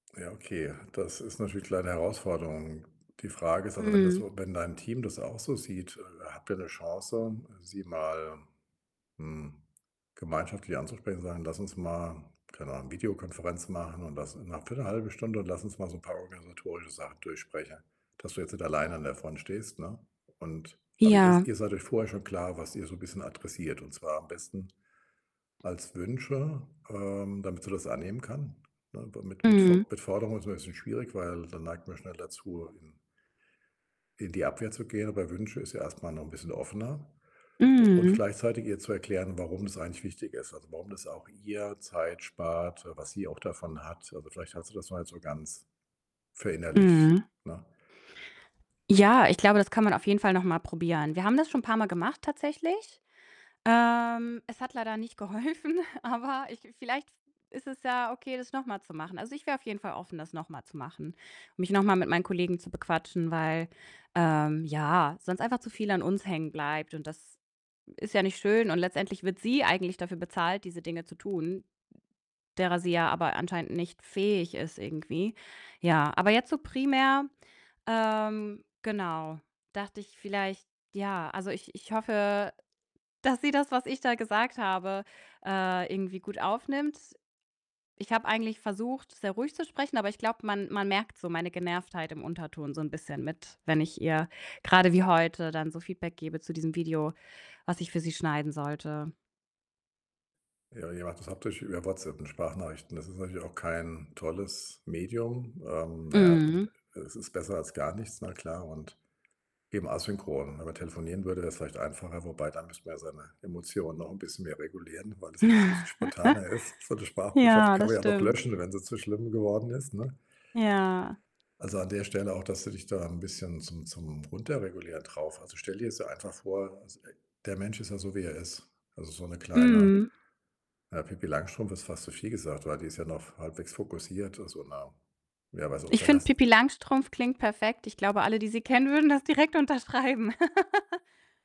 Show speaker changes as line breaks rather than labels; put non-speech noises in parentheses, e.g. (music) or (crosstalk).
Ja, okay. Das ist natürlich klar 'ne Herausforderung. Die Frage ist, also, wenn das
Mhm.
so wenn dein Team das auch so sieht, äh, habt ihr 'ne Chance, sie mal, hm, gemeinschaftlich anzusprechen und sagen: „Lass uns mal, keine Ahnung, Videokonferenz machen und lass ne, für 'ne 1/2 Stunde und lass uns mal so 'n paar organisatorische Sachen durchsprechen“, dass du jetzt nicht alleine an der Front stehst, ne? Und aber ihr
Ja.
ihr seid euch vorher schon klar, was ihr so 'n bisschen adressiert und zwar am besten als Wünsche, ähm, damit sie das annehmen kann? Ne, da mit mit
Mhm.
Fo mit Forderungen ist immer 'n bisschen schwierig, weil da neigt man schnell dazu, in in die Abwehr zu gehen, aber Wünsche ist ja erstmal noch 'n bisschen offener u und
Mhm.
gleichzeitig ihr zu erklären, warum das eigentlich wichtig ist. Also, warum das auch ihr Zeit spart, äh, was sie auch davon hat. Also, vielleicht hat sie das noch nicht so ganz verinnerlicht,
Mhm.
ne?
Ja, ich glaube, das kann man auf jeden Fall noch mal probieren. Wir haben das schon paarmal gemacht tatsächlich. Ähm, es hat leider nicht geholfen, aber ich vielleicht v ist es ja okay, das noch mal zu machen. Also, ich wäre auf jeden Fall offen, das noch mal zu machen, mich noch mal mit meinen Kollegen zu bequatschen, weil, ähm, ja, sonst einfach zu viel an uns hängen bleibt und das ist ja nicht schön und letztendlich wird sie eigentlich dafür bezahlt, diese Dinge zu tun, derer sie ja aber anscheinend nicht fähig ist irgendwie. Ja, aber jetzt so primär, ähm, genau, dachte ich vielleicht ja, also, ich ich hoffe, dass sie das, was ich da gesagt habe, äh, irgendwie gut aufnimmt. Ich habe eigentlich versucht, sehr ruhig zu sprechen, aber ich glaube, man man merkt so meine Genervtheit im Unterton so 'n bisschen mit, wenn ich ihr, grade wie heute, dann so Feedback gebe zu diesem Video, was ich für sie schneiden sollte.
Ja, ja, das habt ihr euch über WhatsApp und Sprachnachrichten das ist natürlich auch kein tolles Medium. Ähm, na ja, ähm,
Mhm.
e es ist besser als gar nichts, na klar, und eben asynchron. Wenn man telefonieren würde, wäre es vielleicht einfacher, wobei dann müsste man ja seine Emotionen noch bisschen mehr regulieren, weil das ja noch bisschen spontaner ist. So 'ne
(chuckles)
Sprachbotschaft
Ja,
kann man
das
ja noch
stimmt.
löschen, wenn sie zu schlimm geworden ist, ne?
Ja.
Also, an der Stelle auch, dass du dich da 'n bisschen zum zum Runterregulieren drauf also, stell dir jetzt einfach vor, s äh, der Mensch ist ja so, wie er ist. Also, so 'ne kleine,
Mhm.
ja, Pipi Langstrumpf ist fast zu viel gesagt, weil die ist ja noch halbwegs fokussiert, also na, wer weiß, ob
Ich
vielleicht
finde,
hast
Pipi
du
Langstrumpf klingt perfekt. Ich glaube, alle, die sie kennen, würden das direkt unterschreiben. (laughs)